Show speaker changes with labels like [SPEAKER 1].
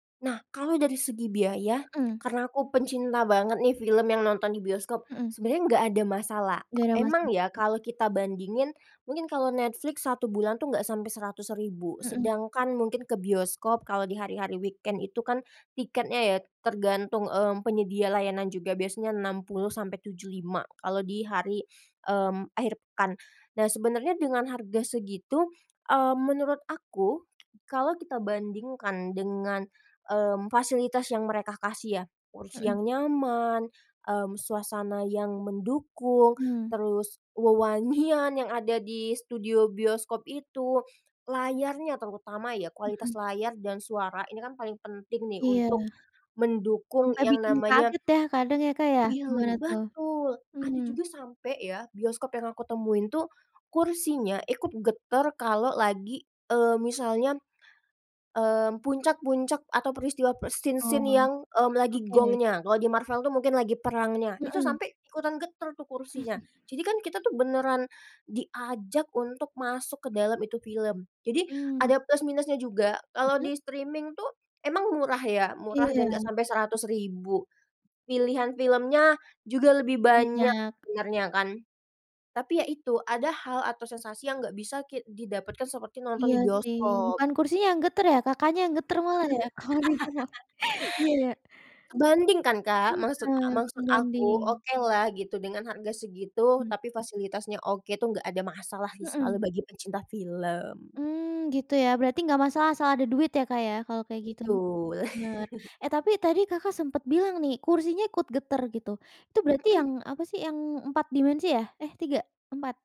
[SPEAKER 1] Nah, kalau dari segi biaya,
[SPEAKER 2] Mmm.
[SPEAKER 1] karena aku pencinta banget nih film yang nonton di bioskop,
[SPEAKER 2] Hmm.
[SPEAKER 1] sebenarnya nggak ada masalah.
[SPEAKER 2] Nggak ada
[SPEAKER 1] Emang
[SPEAKER 2] masalah
[SPEAKER 1] ya,
[SPEAKER 2] ya.
[SPEAKER 1] kalau kita bandingin, mungkin kalau Netflix 1 bulan tuh enggak sampai Rp100.000,
[SPEAKER 2] Mmm.
[SPEAKER 1] sedangkan mungkin ke bioskop kalau di hari-hari weekend itu kan tiketnya ya tergantung, mmm, penyedia layanan juga, biasanya 60 sampai 75 kalau di hari, mmm, akhir pekan. Nah, sebenarnya dengan harga segitu, mmm, menurut aku kalau kita bandingkan dengan, mmm, fasilitas yang mereka kasih ya, kursi
[SPEAKER 2] Hmm.
[SPEAKER 1] yang nyaman, mmm, suasana yang mendukung,
[SPEAKER 2] Mmm.
[SPEAKER 1] terus wewangian yang ada di studio bioskop itu, layarnya terutama, ya,
[SPEAKER 2] Hmm.
[SPEAKER 1] kualitas layar dan suara ini kan paling penting nih
[SPEAKER 2] Iya.
[SPEAKER 1] untuk mendukung
[SPEAKER 2] Sampai
[SPEAKER 1] yang
[SPEAKER 2] bikin
[SPEAKER 1] namanya
[SPEAKER 2] kaget ya kadang ya, Kak, ya? Gimana
[SPEAKER 1] film
[SPEAKER 2] tuh?
[SPEAKER 1] betul, ada
[SPEAKER 2] Mmm.
[SPEAKER 1] juga sampai ya, bioskop yang aku temuin tuh kursinya ikut getar kalau lagi, eee, misalnya, mmm, puncak-puncak atau peristiwa pas scene-scene
[SPEAKER 2] Oh,
[SPEAKER 1] yang, mmm, lagi
[SPEAKER 2] oke.
[SPEAKER 1] gongnya. Kalau di Marvel tuh mungkin lagi perangnya, itu
[SPEAKER 2] Hmm.
[SPEAKER 1] sampai ikutan getar tuh kursinya, jadi kan kita tuh beneran diajak untuk masuk ke dalam itu film. Jadi
[SPEAKER 2] Mmm.
[SPEAKER 1] ada plus minusnya juga. Kalau
[SPEAKER 2] Mhm.
[SPEAKER 1] di streaming tuh emang murah ya, murah dan nggak
[SPEAKER 2] Iya.
[SPEAKER 1] sampai Rp100.000, pilihan filmnya juga lebih banyak
[SPEAKER 2] Banyak.
[SPEAKER 1] sebenarnya kan. Tapi ya itu, ada hal atau sensasi yang nggak bisa ki didapatkan seperti nonton
[SPEAKER 2] Iya
[SPEAKER 1] di
[SPEAKER 2] sih,
[SPEAKER 1] bioskop.
[SPEAKER 2] bukan kursinya yang getar ya, Kakaknya yang getar malah, ya? Oh, iya. Iya, ya.
[SPEAKER 1] Kebanting kan, Kak? Maksud a
[SPEAKER 2] Heeh,
[SPEAKER 1] maksud aku,
[SPEAKER 2] sebanding.
[SPEAKER 1] okelah gitu dengan harga segitu,
[SPEAKER 2] Mmm.
[SPEAKER 1] tapi fasilitasnya oke, itu nggak ada masalah sih
[SPEAKER 2] Hmm.
[SPEAKER 1] selalu bagi pencinta film.
[SPEAKER 2] Mmm, gitu ya. Berarti nggak masalah asal ada duit ya, Kak, ya, kalau kayak gitu.
[SPEAKER 1] Betul.
[SPEAKER 2] Benar. Eh, tapi tadi Kakak sempat bilang nih kursinya ikut getar gitu. Itu berarti yang
[SPEAKER 1] Hmm.
[SPEAKER 2] apa sih? Yang 4 dimensi ya? Eh, 3? 4?